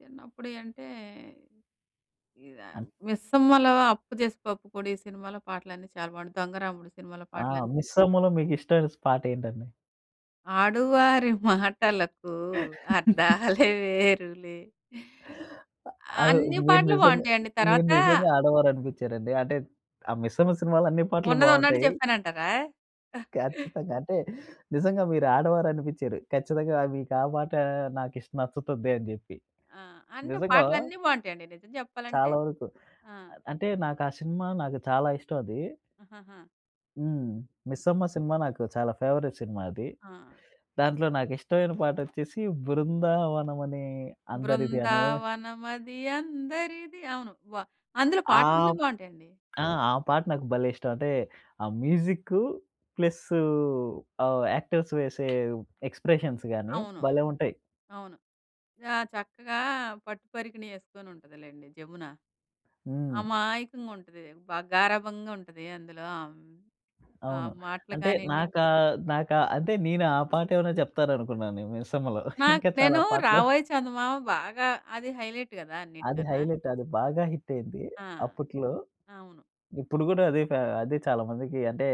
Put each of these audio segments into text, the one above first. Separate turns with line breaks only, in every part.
చిన్నప్పుడియంటే, ఇదా
అన్
'మిస్సమ్మలో,' 'అప్పు జేసి పప్పు కూడు' ఈ సినిమాలో పాటలన్నీ చాలా బావుంటాయి. 'దొంగరాముడు' సినిమాలో
ఆ!
పాటలని
'మిస్సమ్మలో' మీకిష్టమైన స్ పాటేంటండి?
ఆడువారి మాటలకూ అర్థాలే వేరులే.
ఆ! ఆ!
అన్ని
మీరు
పాటలు
నిజంగా
బావుంటయండి.
మీరు
తర్వాతా
నిజంగా ఆడవారనిపిచ్చారండి. అంటే, ఆ 'మిస్సమ్మ' సినిమాలో అన్ని పాటలు
ఉన్నదున్నట్టు
బావుంటాయి.
చెప్పానంటారా? అ
ఖచ్చితంగా. అంటే, నిజంగా మీరు ఆడవారు అనిపిచ్చారు. ఖచ్చితంగా మీకు ఆ పాటా, నాకిష్ నచ్చుతుంది అని జెప్పి.
ఆ! అంటే,
నిజంగా
పాటలన్నీ బావుంటయండి, నిజం జెప్పాలంటే.
చాలా వరుకు.
ఆ!
అద్ అంటే, నాకా సినిమా నాకు చాలా ఇష్టవదీ.
ఆహాహా!
హ్మ్. 'మిస్సమ్మ' సినిమా నాకు చాలా ఫేవరెట్‌ సినిమా అది.
ఆ!
దాంట్లో నాకిష్టమైన పాటొచ్చేసీ, 'బృందావనమని అందరిది' అనివ
బృందావనమది అందరిది. అవును. వ అందులో
ఆ
పాటలన్నీ
ప్
బావుంటయండి.
ఆ! ఆ పాట నాకు భలే ఇష్టం. అంటే, ఆ మ్యూజిక్కు ప్లస్సూ ఆహ్, యాక్టర్స్ వేసే ఎక్స్‌ప్రెషన్స్ గానీ,
అవును.
భలే ఉంటయి.
అవును. ఆ! చక్కగా పట్టు పరికినీ యేసుకొనుంటదిలేండి, జమున,
హ్మ్.
అమాయకంగుంటది. బాగా గారాబంగుంటది అందులో ఆహ్, హ్మ్, ఆ
అవును.
మాటలు
అంటే
కానీయండి.
నాకా నాకా అంటే నేను ఆ పాటేవనా చెప్తారనుకున్నానే 'మిసమ్మలో.'
నాకు
ఇంకా చాలా
నేనూ
పాటలు
'రావోయి చందమామ' బాగా అది హైలైట్ గదా
అది
అన్నిటికన్నా.
హైలైట్. అది బాగా హిట్టయింది
ఆ!
అప్పుట్లో.
అవును.
ఇప్పుడు గూడా అదే కా అదే చాలా మందికీ అంటే,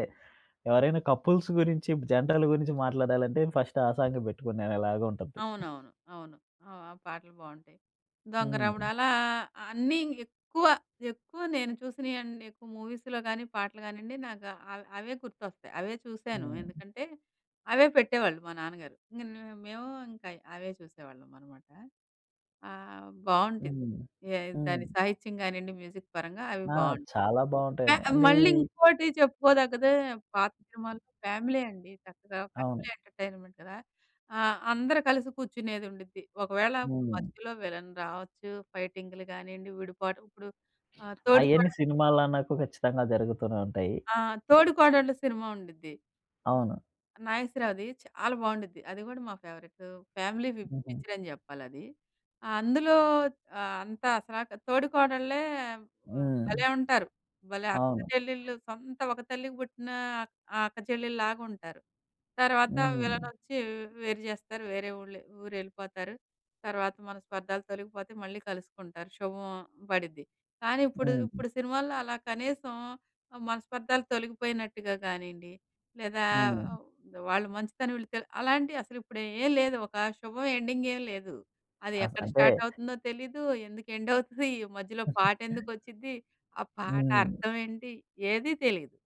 ఎవరైనా కపుల్స్ గురించి, జంటలు గురించి మాట్లాడాలంటే, ఫస్ట్ ఆ సాంగే బెట్టుకునేలాగా ఉంటుంది.
అవునవును. అవును. ఆ! ఆ పాటలు బావుంటయి. 'దొంగరాముడు'
హ్మ్.
అలా అన్నీ ఎక్కువ, ఎక్కువ నేను చూసినియన్నెక్కువ మూవీస్‌లో గానీ, పాటలు గానీయండి, నాకా అవ్ అవే గుర్తొస్తయి. అవే చూశాను.
హ్మ్.
ఎందుకంటే, అవే పెట్టేవాళ్ళు మా నాన్నగారు. ఇంగ నే మేవూ ఇంకయి, అవే చూసేవాళ్ళమనమాట. ఆహ్, బావుండిద్
హ్మ్.
ఏ దాని
హ్మ్.
సాహిత్యం గానియ్యండి మ్యూజిక్ పరంగా అవి
ఆ!
బావుంటాయి.
చాలా
ఇంక
బాగుంటాయనే.
అవి
అండ్ ఈ
మళ్ళీ ఇంకోటి చెప్పుకోదగ్గదే పాత సినిమాలు ఫ్యామిలీ అండి చక్కగా. ఫ్యామిలీ
అవును.
ఎంటర్‌టైన్‌మెంట్‌‍ కదా! ఆ! అందరు కలిసి కూర్చునేదుండిద్ది. ఒకవేళ
హ్మ్.
మధ్యలో విలన్ రావచ్చు, ఫైటింగ్లు గానీయండి, విడిపాటు ఇప్పుడు ఆహ్,
అయన్నీ
'తోడికోడళ్ళు'
సినిమాలన్నాకు ఖచ్చితంగా జరుగుతూనే ఉంటాయి.
ఆ! 'తోడికోడళ్ళు' సినిమా ఉండిద్ది. హ్మ్,
అవును.
నాగేశ్వరావుది చాలా బావుండుద్ది. అది గూడా మా ఫేవరెట్టూ, ఫ్యామిలీ ఫి
హుహు.
పిక్చరని జెప్పాలది. అందులో ఆహ్, అంతా అసలా తోడి కోడళ్ళే ఆహ్,
హ్మ్.
భలే ఉంటారు, భలే
అవును.
అక్కచెల్లెళ్ళు, సొంత ఒక తల్లికి బుట్టినా ఆహ్, అక్కచెల్లిల్లాగుంటారు. తర్వాతా
హ్మ్.
విలనొచ్చీ, వ్ వేరు జేస్తారు, వేరే ఊళ్ళె ఊరెళ్ళిపోతారు. తర్వాత మనస్పర్ధాలు తొలగిపోతయి, మళ్ళీ కలుసుకుంటారు, శుభం బడిద్ది. కానీ ఇప్పుడు,
హ్మ్.
ఇప్పుడు సినిమాల్లో అలా కనీసం ఆహ్, మనస్పర్ధాలు తొలగిపోయినట్టుగా గానీండి, లేదా
హ్మ్.
ఆహ్, వాళ్ళ మంచితనం వీళ్ళు తెల్ అలాంటియసలిప్పుడేం లేదు. ఒకా శుభం ఎండింగేం లేదు. అది
అస
ఎక్కడ
అంటే
స్టార్టవుతుందో తెలీదు, ఎందుకు ఎండవుతదీ, మధ్యలో పాటెందుకచ్చిద్దీ, ఆ పాట
హ్మ్.
అర్థవేంటి, ఏదీ తెలీదు.